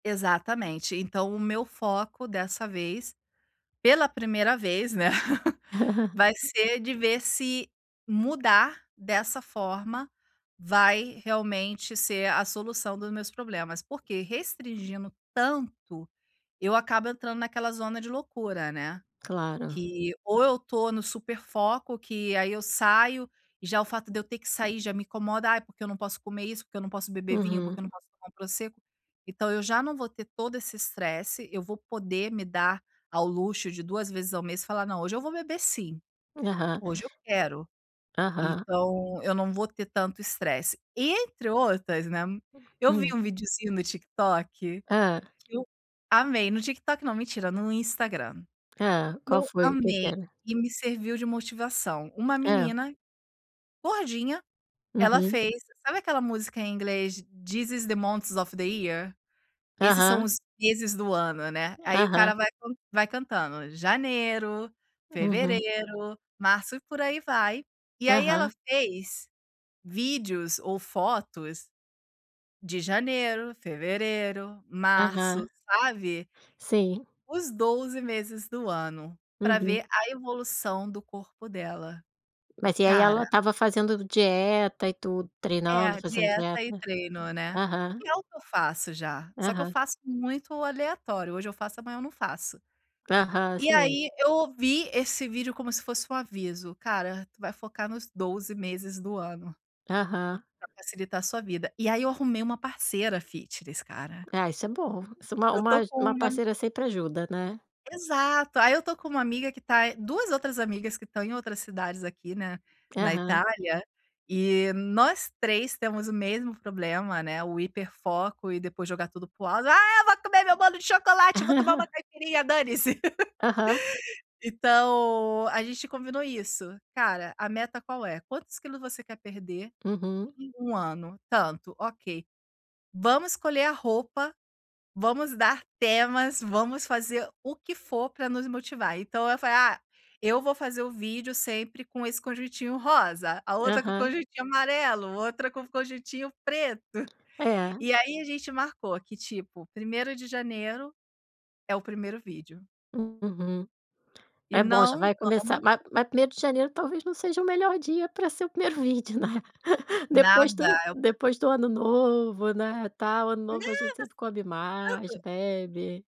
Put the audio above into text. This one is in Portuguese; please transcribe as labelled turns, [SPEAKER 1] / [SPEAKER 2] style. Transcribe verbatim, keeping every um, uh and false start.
[SPEAKER 1] Exatamente. Então, o meu foco dessa vez, pela primeira vez, né, vai ser de ver se, mudar dessa forma vai realmente ser a solução dos meus problemas. Porque restringindo, tanto, eu acabo entrando naquela zona de loucura, né.
[SPEAKER 2] Claro.
[SPEAKER 1] Que ou eu tô no super foco, que aí eu saio e já o fato de eu ter que sair já me incomoda, ai porque eu não posso comer isso, porque eu não posso beber vinho,
[SPEAKER 2] Aham.
[SPEAKER 1] porque eu não posso tomar um Prosecco, então, eu já não vou ter todo esse estresse eu vou poder me dar ao luxo de duas vezes ao mês e falar: "Não, hoje eu vou beber sim!
[SPEAKER 2] Aham.
[SPEAKER 1] Hoje eu quero".
[SPEAKER 2] Aham.
[SPEAKER 1] Então, eu não vou ter tanto estresse. E entre outras, né, eu vi
[SPEAKER 2] Hum.
[SPEAKER 1] um videozinho no TikTok,
[SPEAKER 2] Hã.
[SPEAKER 1] que eu amei. No TikTok não mentira, no Instagram.
[SPEAKER 2] Hã. Qual
[SPEAKER 1] Eu
[SPEAKER 2] foi, o que que
[SPEAKER 1] amei
[SPEAKER 2] era?
[SPEAKER 1] e me serviu de motivação. Uma
[SPEAKER 2] Hã.
[SPEAKER 1] menina, gordinha, ela
[SPEAKER 2] Uhum.
[SPEAKER 1] fez sabe aquela música em inglês This is the monts of the year? Esses são
[SPEAKER 2] Aham.
[SPEAKER 1] os meses do ano, né. Aí o cara
[SPEAKER 2] Aham.
[SPEAKER 1] vai con vai cantando: "Janeiro,
[SPEAKER 2] Uhum.
[SPEAKER 1] fevereiro, março", e por aí vai, E aí ela
[SPEAKER 2] Aham.
[SPEAKER 1] fez, vídeos ou fotos, de janeiro, fevereiro, março,
[SPEAKER 2] Aham.
[SPEAKER 1] sabe
[SPEAKER 2] Sim.
[SPEAKER 1] os doze meses do ano, pra
[SPEAKER 2] Uhum.
[SPEAKER 1] ver a evolução do corpo dela. E
[SPEAKER 2] Mas e aí
[SPEAKER 1] cara
[SPEAKER 2] ela estava fazendo dieta e tudo,
[SPEAKER 1] É, a
[SPEAKER 2] treinando, fazendo
[SPEAKER 1] dieta e
[SPEAKER 2] dieta.
[SPEAKER 1] treino, né.
[SPEAKER 2] Aham.
[SPEAKER 1] Que é o que eu faço já, só que eu
[SPEAKER 2] Aham.
[SPEAKER 1] faço muito aleatório, hoje eu faço amanhã eu não faço.
[SPEAKER 2] Aham,
[SPEAKER 1] E
[SPEAKER 2] sei.
[SPEAKER 1] aí, eu ouvi esse vídeo como se fosse um aviso, cara, tu vai focar nos doze meses do ano
[SPEAKER 2] Aham.
[SPEAKER 1] pra facilitar sua vida. E aí eu arrumei uma parceira fitness, cara.
[SPEAKER 2] Ah isso é bom! Soma
[SPEAKER 1] Eu
[SPEAKER 2] um
[SPEAKER 1] estou
[SPEAKER 2] aju
[SPEAKER 1] com
[SPEAKER 2] uma
[SPEAKER 1] uma
[SPEAKER 2] parceira sempre ajuda, né.
[SPEAKER 1] Exato, aí eu tô com uma amiga que tá duas outras amigas que estão em outras cidades aqui, né, na
[SPEAKER 2] Aham.
[SPEAKER 1] Itália, eh, nós três temos o mesmo problema, né, o Hiper foco e depois jogar tudo para o ar "Ah eu vou comer meu bolo de chocolate, eu vou tomar uma caipirinha, dane se".
[SPEAKER 2] Aham.
[SPEAKER 1] Então, a gente combinou isso, cara, a meta qual é? Quantos quilos você quer perder
[SPEAKER 2] Uhum.
[SPEAKER 1] em um ano Tantos, ok! Vamos escolher a roupa, vamos dar temas, vamos fazer o que for para nos motivar. Então, eu fa "Ah, eu vou fazer o vídeo sempre com esse conjuntinho rosa", a outra com
[SPEAKER 2] Aham.
[SPEAKER 1] conjuntinho amarelo, outra com o conjuntinho preto.
[SPEAKER 2] É.
[SPEAKER 1] E aí a gente marcou que tipo, primeiro de janeiro, é o primeiro vídeo.
[SPEAKER 2] Uhum.
[SPEAKER 1] E
[SPEAKER 2] É bom já
[SPEAKER 1] não
[SPEAKER 2] vai
[SPEAKER 1] vamos
[SPEAKER 2] começar ma mas primeiro de janeiro talvez não seja o melhor dia pra ser o primeiro vídeo né depois do
[SPEAKER 1] Nada, é o
[SPEAKER 2] depois do ano novo, né, tal, ano
[SPEAKER 1] Nada,
[SPEAKER 2] novo a gente sempre come mais,
[SPEAKER 1] tanto.
[SPEAKER 2] bebe.